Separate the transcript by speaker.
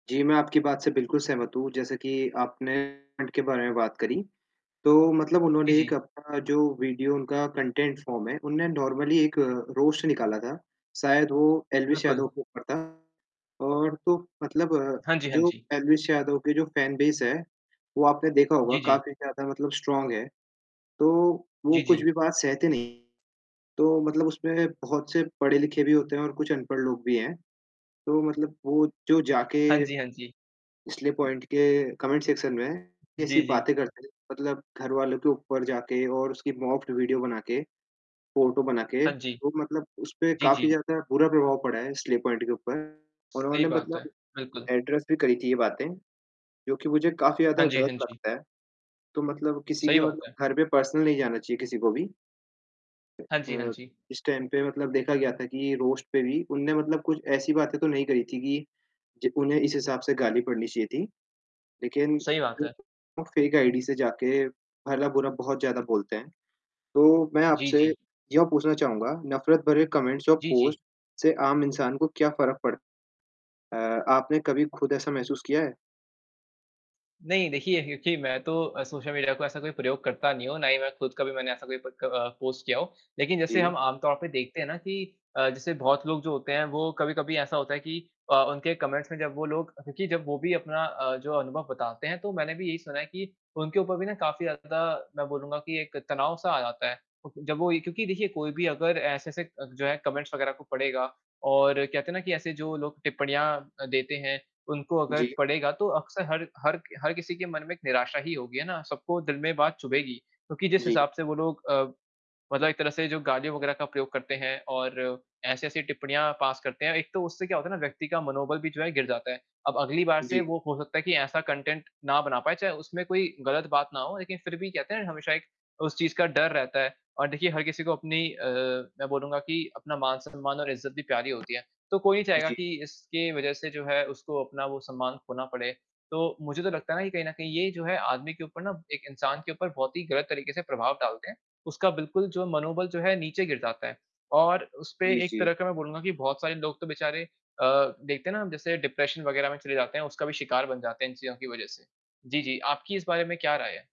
Speaker 1: जी, मैं आपकी बात से बिल्कुल सहमत हूँ, जैसे कि आपने पॉइंट के बारे में बात करी, तो मतलब
Speaker 2: जी,
Speaker 1: उन्होंने एक
Speaker 2: जी।
Speaker 1: अपना जो वीडियो उनका कंटेंट फ़ॉर्म है, उन्होंनें नॉर्मली एक अ, रोस्ट निकाला था। शायद वो एलवीश
Speaker 2: बिल्कुल।
Speaker 1: यादव के ऊपर था और तो मतलब अ,
Speaker 2: हाँ जी, हाँ
Speaker 1: जो
Speaker 2: जी।
Speaker 1: एलवीश यादव के जो फैन बेस है, वो आपने देखा होगा
Speaker 2: जी, जी।
Speaker 1: काफ़ी ज़्यादा मतलब स्ट्रॉन्ग है तो, वो
Speaker 2: जी,
Speaker 1: कुछ
Speaker 2: जी।
Speaker 1: भी बात सहते नहीं हैं, तो मतलब उसपे बहुत से पढ़े लिखे भी होते हैं और कुछ अनपढ़ लोग भी हैं। तो मतलब वो जो
Speaker 2: हाँ
Speaker 1: जाके,
Speaker 2: जी, हाँ जी।
Speaker 1: स्ले पॉइंट के कमेंट सेक्शन में ऐसी
Speaker 2: जी, जी।
Speaker 1: बातें करते हैं, मतलब घरवालों के ऊपर जाके और उसकी मॉक्ड वीडियो बना के, फ़ोटो बना के
Speaker 2: हाँ जी।
Speaker 1: वो मतलब उसपे
Speaker 2: जी,
Speaker 1: काफ़ी
Speaker 2: जी।
Speaker 1: ज़्यादा बुरा प्रभाव पड़ा है स्ले पॉइंट के ऊपर।
Speaker 2: सही
Speaker 1: उन्होंने
Speaker 2: बात है।
Speaker 1: मतलब
Speaker 2: बिल्कुल।
Speaker 1: एड्रेस भी करी थी ये बातें, जो कि मुझे काफ़ी
Speaker 2: हाँ
Speaker 1: ज़्यादा
Speaker 2: जी,
Speaker 1: ग़लत
Speaker 2: हाँ जी।
Speaker 1: लगता है। तो मतलब किसी
Speaker 2: सही
Speaker 1: के
Speaker 2: बात है।
Speaker 1: मतलब घर पे पर्सनल नहीं जाना चाहिए, किसी को भी
Speaker 2: हाँ जी, हाँ
Speaker 1: अ,
Speaker 2: जी।
Speaker 1: इस टाइम पे मतलब देखा गया था कि रोस्ट पे भी उन्होंने मतलब कुछ ऐसी बातें तो नहीं करी थी कि जी, उन्हें इस हिसाब से गाली पड़नी चाहिए थी। लेक़िन
Speaker 2: सही बात
Speaker 1: जो
Speaker 2: है।
Speaker 1: लोग फ़ेक आईडी से जाके भला बुरा बहुत ज़्यादा बोलते हैं, तो मैं
Speaker 2: जी,
Speaker 1: आपसे
Speaker 2: जी।
Speaker 1: यह पूछना चाहूँगा, नफ़रत भरे कमेंट्स और
Speaker 2: जी, जी।
Speaker 1: पोस्ट से आम इंसान को क्या फ़र्क पड़ता है? अ, आपने कभी ख़ुद ऐसा महसूस किया है?
Speaker 2: नहीं, देखिए क्योंकि मैं तो अ, सोशल मीडिया को ऐसा कोई प्रयोग करता नहीं हूँ, ना ही मैं ख़ुद कभी मैंने ऐसा कोई प क अ, पोस्ट किया हो। लेक़िन जैसे
Speaker 1: जी।
Speaker 2: हम आम तौर पे देखते हैं ना कि अ, जैसे बहुत लोग जो होते हैं वो कभी-कभी ऐसा होता है कि अ, उनके कमेंट्स में जब वो लोग क्योंकि जब वो भी अपना अ, जो अनुभव बताते हैं, तो मैंने भी यही सुना है कि उनके ऊपर भी ना काफ़ी ज़्यादा मैं बोलूँगा कि एक तनाव-सा आ जाता है और फिर जब वो क्योंकि देखिए कोई भी अगर ऐसे से अ, जो है कमेंट्स वग़ैरह को पढ़ेगा और कहते हैं ना कि ऐसे जो लोग टिप्पणियाँ अ, देते हैं उनको अगर
Speaker 1: जी।
Speaker 2: पड़ेगा, तो अक्सर हर हर क हर किसी के मन में एक निराशा ही होगी, है ना? सबको दिल में बात चुभेगी, क्योंकि जिस
Speaker 1: जी।
Speaker 2: हिसाब से वो लोग अ, मतलब एक तरह से जो गाली वग़ैरह का प्रयोग करते हैं, और ऐसी-ऐसी टिप्पणियाँ पास करते हैं, एक तो उससे क्या होता है ना व्यक्ति का मनोबल भी जो है गिर जाता है। अब अगली बार से
Speaker 1: जी।
Speaker 2: वो हो सकता है कि ऐसा कंटेंट ना बना पाए, चाहे उसमें कोई ग़लत बात ना हो, लेक़िन फ़िर भी कहते हैं ना हमेशा एक उस चीज़ का डर रहता है। और देखिए, हर किसी को अपनी अ, मैं बोलूँगा कि अपना मान-सम्मान और इज़्ज़त भी प्यारी होती है, तो कोई नहीं चाहेगा
Speaker 1: जी।
Speaker 2: कि इसके वजह से जो है, उसको अपना वो सम्मान खोना पड़े। तो मुझे तो लगता है ना कि कहीं न कहीं ये जो है आदमी के ऊपर ना एक इंसान के ऊपर बहुत ही ग़लत तरीक़े से प्रभाव डालते हैं, उसका बिल्कुल जो मनोबल जो है नीचे गिर जाता है। और उसपे
Speaker 1: जी,
Speaker 2: एक
Speaker 1: जी।
Speaker 2: तरह का मैं बोलूँगा कि बहुत सारे लोग तो बेचारे अ, देखते हैं ना जैसे डिप्रेशन वग़ैरह में चले जाते हैं, उसका भी शिकार बन जाते हैं इन चीज़ों की वजह से। जी, जी। आपकी इस बारे में क्या राय है?